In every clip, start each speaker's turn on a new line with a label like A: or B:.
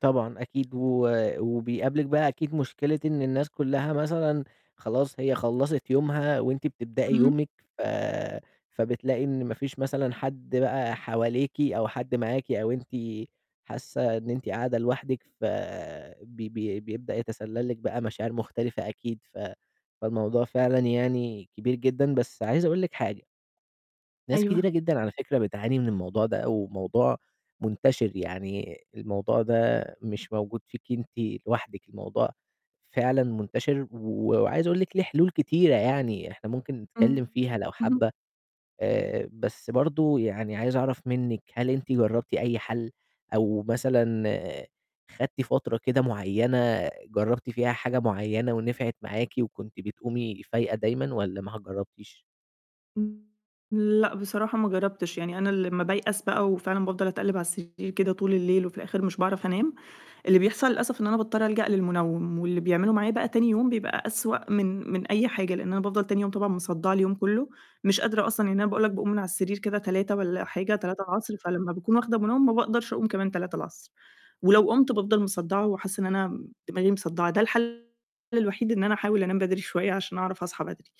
A: طبعًا أكيد، و وبيقابلِك بقى أكيد مشكلة إن الناس كلّها مثلًا خلاص هي خلَّصت يومها وأنتِ بتبدئي
B: اهم.
A: يومِك، ف فبتلاقي إن ما فيش مثلًا حد بقى حواليكِ، أو حد معاكِ، أو أنتِ حاسّة إن أنتِ قاعدة لوحدِك، ف بي بي بيبدأ يتسلّل لِك بقى مشاعر مختلفة أكيد، ف فالموضوع فعلًا يعني كبير جدًا، بس عايز أقول لِك حاجة ناس
B: أيوه.
A: كتيرة جدًا على فكرة بتعاني من الموضوع ده أو موضوع منتشر، يعني الموضوع ده مش موجود فيكِ أنتِ لوحدِك، الموضوع فعلًا منتشر وعايز أقول لِك ليه حلول كتيرة يعني، إحنا ممكن نتكلّم
B: إمم.
A: فيها لو
B: اهم.
A: حابة، آآ، بس برضه يعني عايز أعرَف منِّك هل أنتِ جرَّبتِ أي حل أو مثلًا خدتِ فترة كده معيّنة جرَّبتِ فيها حاجة معيّنة ونِفعِت معاكِ، وكنتِ بتقومي فايقة دايمًا والَّا ما جرَّبتيش؟
B: إمم، لأ بصراحة ما جرَّبتش، يعني أنا لمّا بايأس بقى وفعلًا بافضَل أتقلِّب على السرير كده طول الليل وفي الآخر مش باعرف أنام، اللي بيحصل للأسف إن أنا باضطر ألجأ للمنَوّم، واللي بيعملُه معايا بقى تاني يوم بيبقى أسوأ من من أي حاجة، لأن أنا بافضَل تاني يوم طبعًا مصدّعة اليوم كُلّه، مش قادرة أصلًا يعني أنا باقول لك باقوم من على السرير كده 15:00 والَّا حاجة 15:00 فلمّا باكون واخدة منَوّم ما باقدَرش أقوم كمان 15:00 ولو قُمت بافضَل مصدّعة وحاسّة إن أنا م دماغي مصدعة، ده الحل الوحيد إن أنا أحاول أنام بدري شوية عشان أعرف أصحى بدري،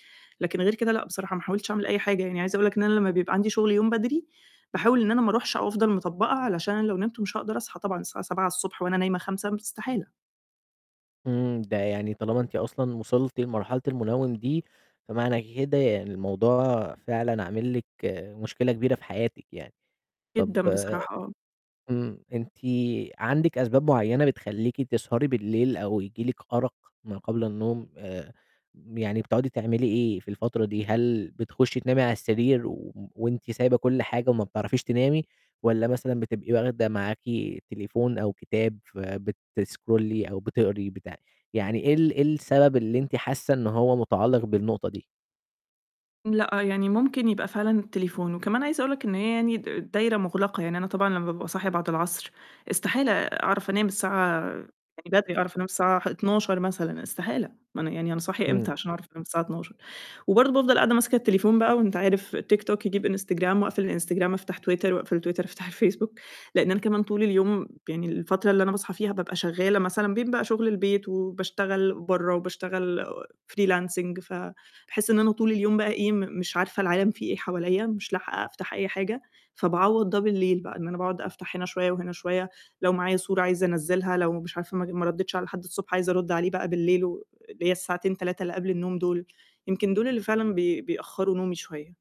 B: لكن غير كده لأ بصراحة، ما حاولتش أعمل أي حاجة، يعني عايزة أقول لك إن أنا لمّا بيبقى عندي شغل يوم بدري، باحاول إن أنا ما أرُوحش أو أفضَل مطبّقة علشان أنا لو نِمت مش هاقدر أصحى طبعًا الساعة 07:00 وأنا نايمة 05:00 استحالة.
A: إمم. ده يعني طالما أنتِ أصلًا وصِلتِ لمرحلة المنَوّم دي، فمعنى كده يعني الموضوع فعلًا عامل لِك مشكلة كبيرة في حياتِك يعني، طَب
B: جدًا بصراحة، آه.
A: إمم. أنتِ عندِك أسباب معيّنة بتخلّيكِ تسهري بالليل، أو ييجي لِك أَرَق ما قبل النوم، آآ، يعني بتقعدي تعملي إيه في الفترة دي، هل بتخُشّي تنامي على السرير وأنتِ سايبة كُلّ حاجة وما بتعرَفيش تنامي؟ والَّا مثلًا بتبقي واخدة معاكِ تليفون أو كتاب فبتسكرولي أو بتقري بتاع؟ يعني إيه ال إيه السبب اللي أنتِ حاسّة إن هو متعلّق بالنقطة دي؟
B: لأ، يعني ممكن يبقى فعلًا التليفون، وكمان عايزة أقول لك إن هي يعني د دايرة مغلقة، يعني أنا طبعًا لمّا بابقى صاحية بعد العصر استحالة أعرَف أنام الساعة يعني بدري أعرف أنام الساعة ح 00:00 مثلًا، استحالة، ما أنا يعني أنا صاحية
A: إمم.
B: إمتى عشان أعرف أنام الساعة 00:00، وبرضه بافضَل قاعدة ماسكة التليفون بقى وأنت عارف تيك توك يجيب إنستجرام وأقفل الإنستجرام أفتح تويتر وأقفل تويتر أفتح الفيسبوك، لإن أنا كمان طول اليوم يعني الفترة اللي أنا باصحى فيها بابقى شغالة مثلًا بين بقى شغل البيت وباشتغل برّه وباشتغل freelancing، فباحس إن أنا طول اليوم بقى إيه م مش عارفة العالَم فيه إيه حواليَّ، مش لاحقة أفتح أي حاجة، فباعوَّض ده بالليل بقى إن أنا باقعد أفتح هنا شوية وهنا شوية، لو معايا صورة عايزة أنزِّلها لو مش عارفة م ما رديتش على حد الصبح عايزة أرُدّ عليه بقى بالليل و اللي هي الساعتين 3 اللي قبل النوم دُول، يمكن دُول اللي فعلًا بي بيأخروا نومي شوية.